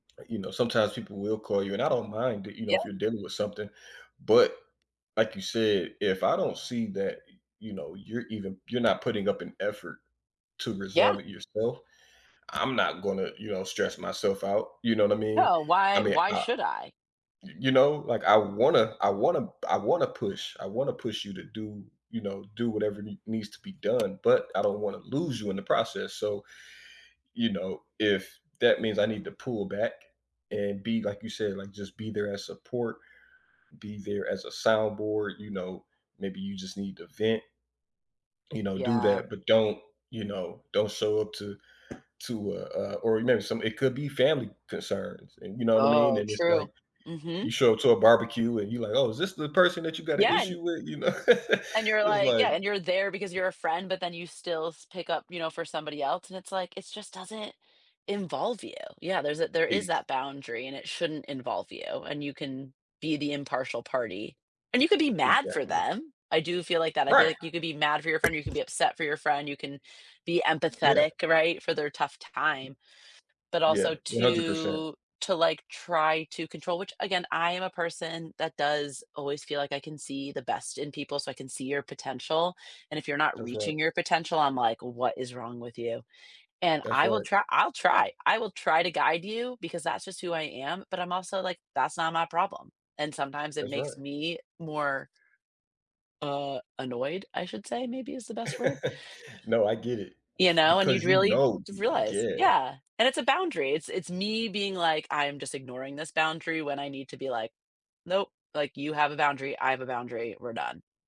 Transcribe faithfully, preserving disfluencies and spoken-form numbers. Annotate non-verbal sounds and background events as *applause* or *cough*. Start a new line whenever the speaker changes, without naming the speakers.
You know, sometimes people will call you and I don't mind that, you know,
Yeah.
if you're dealing with something, but like you said, if I don't see that, you know, you're even you're not putting up an effort to
Yeah.
resolve it yourself, I'm not gonna, you know, stress myself out, you know what I mean?
No,
I
why
mean,
why
I
should I?
you you know, like I wanna I wanna I wanna push I wanna push you to do, you know, do whatever n needs to be done, but I don't wanna lose you in the process, so, you know, if that means I need to pull back and be like you said, like just be there as support, be there as a soundboard, you know, maybe you just need to vent. You know, do
Yeah.
that, but don't, you know, don't show up to to, uh, uh, or *unintelligible* some it could be family concerns, and you know what I mean?
Oh,
And it's
true.
like you
Mhm.
show up to a barbecue and you're like, oh, is this the person that you got an
Yeah, and
issue with, you know. *laughs*
And you're
It's
like,
like
yeah, and you're there because you're a friend, but then you still s pick up, you know, for somebody else, and it's like, it just doesn't involve you. Yeah, there's a there is
Ex
that boundary, and it shouldn't involve you, and you can be the impartial party, and you could be mad for
Exactly.
them. I do feel like that. I feel
Right.
like you could be mad for your friend, or you could be upset for your friend, you can be
Yeah.
empathetic, right, for their tough time. But
Yeah,
also
one hundred percent.
to to like, try to control, which, again, I am a person that does always feel like I can see the best in people, so I can see your potential, and if you're not
That's right.
reaching your potential, I'm like, what is wrong with you? And
That's
I will
right.
try I'll try. I will try to guide you because that's just who I am, but I'm also like, that's not my problem. And sometimes it
That's
makes
right.
me more uh, annoyed, I should say maybe is the best word.
*laughs* No, I get it
You know, and
because,
you'd
you
really
know
realize
Yeah.
Yeah, and it's a boundary. It's it's me being like, I'm just ignoring this boundary when I need to be like, nope, like, you have a boundary, I have a boundary, we're done.